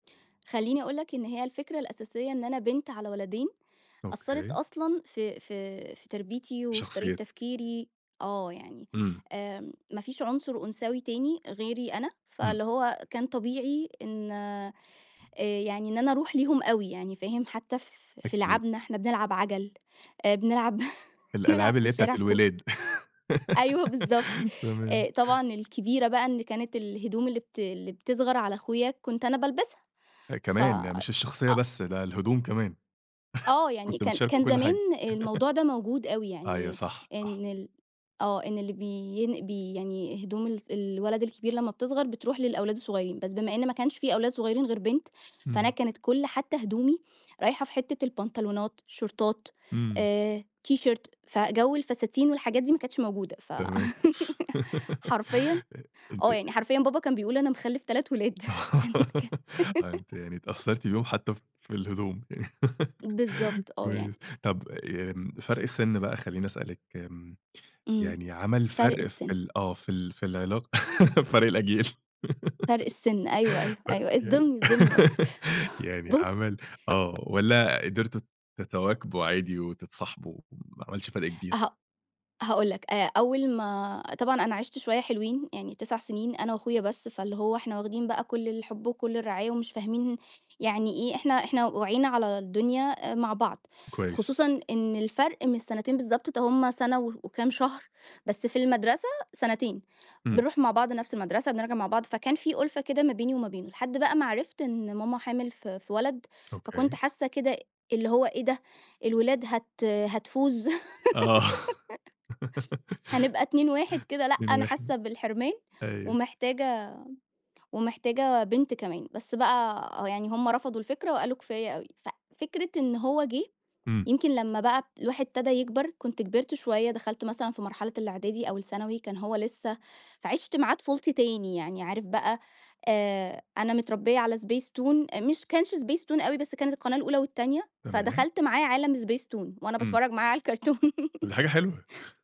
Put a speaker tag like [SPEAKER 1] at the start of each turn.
[SPEAKER 1] خليني أقول لك إن هي الفكرة الأساسية إن أنا بنت على ولدين، أثرت
[SPEAKER 2] أوكي.
[SPEAKER 1] أصلًا في في في تربيتي وفي طريقة
[SPEAKER 2] شخصيتِك.
[SPEAKER 1] تفكيري. آه، يعني
[SPEAKER 2] إمم.
[SPEAKER 1] آمم، ما فيش عُنصر أنثوي تاني غيري أنا،
[SPEAKER 2] إمم.
[SPEAKER 1] فاللي هو كان طبيعي إن آآ، يعني إن أنا أروح ليهم أوي يعني، فاهم، حتى ف في
[SPEAKER 2] أكيد.
[SPEAKER 1] لِعَبْنَا، إحنا بنلعب عَجَل، آآ، بنلعب بنلعب
[SPEAKER 2] الألعاب
[SPEAKER 1] في
[SPEAKER 2] اللي هي بتاعة
[SPEAKER 1] الشارع كو
[SPEAKER 2] الولاد،
[SPEAKER 1] أيوه بالضبط. آآ،
[SPEAKER 2] تمام.
[SPEAKER 1] طبعًا الكبيرة بقى إن كانت الهدوم اللي بت اللي بتصغر على أخويا كنت أنا بالبسها،
[SPEAKER 2] آآ،
[SPEAKER 1] ف
[SPEAKER 2] كمان! يعني مش الشخصية
[SPEAKER 1] أ
[SPEAKER 2] بس، ده الهدوم كمان.
[SPEAKER 1] آه، يعني
[SPEAKER 2] كنتوا
[SPEAKER 1] كان
[SPEAKER 2] بتشاركوا
[SPEAKER 1] كان
[SPEAKER 2] كل
[SPEAKER 1] زمان
[SPEAKER 2] حاجة،
[SPEAKER 1] الموضوع ده موجود أوي،
[SPEAKER 2] أيوة
[SPEAKER 1] يعني
[SPEAKER 2] صح، صح.
[SPEAKER 1] إن ال آه، إن اللي بين بي يعني هدوم ال الولد الكبير لمّا بتصغر بتروح للأولاد الصغيرين، بس بما إن ما كانش في أولاد صغيرين غير بنت، فأنا
[SPEAKER 2] إمم.
[SPEAKER 1] كانت كل حتى هدومي رايحة في حتّة البنطلونات شورتات
[SPEAKER 2] إمم.
[SPEAKER 1] آآ، تيشيرت، فجو الفساتين والحاجات دي ما كانتش موجودة، ف
[SPEAKER 2] تمام
[SPEAKER 1] حرفيًا
[SPEAKER 2] أ أنتِ
[SPEAKER 1] آه، يعني
[SPEAKER 2] أ
[SPEAKER 1] حرفيًا بابا كان بيقول أنا مخلف 3 ولاد، كان ك
[SPEAKER 2] آه، يعني أنتِ يعني اتأثرتِ بيهم حتى في الهدوم. يعني
[SPEAKER 1] بالضبط، آه
[SPEAKER 2] كويس،
[SPEAKER 1] يعني.
[SPEAKER 2] طب آآ فرق السن بقى، خليني أسألِك آمم،
[SPEAKER 1] إمم،
[SPEAKER 2] يعني عمل
[SPEAKER 1] فرق
[SPEAKER 2] فرق في
[SPEAKER 1] السِن.
[SPEAKER 2] ال آه في ال في العلاقة، فرق الأجيال،
[SPEAKER 1] فرق السِن، أيوه، أيوه،
[SPEAKER 2] طب
[SPEAKER 1] أيوه،
[SPEAKER 2] يعني
[SPEAKER 1] اصدمني، أصدمني أكتر
[SPEAKER 2] يعني
[SPEAKER 1] بص
[SPEAKER 2] عمل آه، والّا قدرتوا تتواكبوا عادي وتتصاحبوا، ما عملش فرق كبير؟
[SPEAKER 1] هأ هاقول لك، آآ، أول ما طبعًا أنا عِشت شوية حلوين يعني 9 سنين أنا وأخويا بس، فاللي هو إحنا واخدين بقى كل الحب وكل الرعاية ومش فاهمين يعني إيه، إحنا إحنا وعينا على الدنيا آآ، مع بعض،
[SPEAKER 2] كويس.
[SPEAKER 1] خصوصًا إن الفرق مش سنتين بالضبط، ده هم سَنة وش وكام شهر، بس في المَدرسة سنتين.
[SPEAKER 2] إمم.
[SPEAKER 1] بنرُوح مع بعض نفس المَدرسة، بنرجع مع بعض، فكان في أُلفة كده ما بيني وما بينه. لحد بقى ما عرفت إن ماما حامل في في ولد، فكنت
[SPEAKER 2] أوكي.
[SPEAKER 1] حاسة كده اللي هو إيه ده! الولاد هت هتفوز،
[SPEAKER 2] آه.
[SPEAKER 1] هنبقى 2 1 كده، لأ،
[SPEAKER 2] 2،
[SPEAKER 1] أنا
[SPEAKER 2] 1،
[SPEAKER 1] حاسة بالحرمان
[SPEAKER 2] أيوه.
[SPEAKER 1] ومحتاجة ومحتاجة بنت كمان، بس بقى يعني هم رفضوا الفكرة وقالوا: "كفاية أوي." ف فكرة إن هو جه،
[SPEAKER 2] إمم.
[SPEAKER 1] يمكن لمّا بقى الواحد ابتدا يكبر، كنت كبرت شوية، دخلت مثلًا في مرحلة الإعدادي أو الثانوي، كان هو لسه فعشت معاه طفولتي تاني يعني عارف بقى، آآ، أنا متربية على Spacetoon، آآ، مش كانش Spacetoon أوي، بس كانت القناة الأولى والتانية،
[SPEAKER 2] تمام.
[SPEAKER 1] فدخلت معاه عالم Spacetoon وأنا
[SPEAKER 2] إمم.
[SPEAKER 1] باتفرج معاه على الكرتون.
[SPEAKER 2] طب دي حاجة حلوة.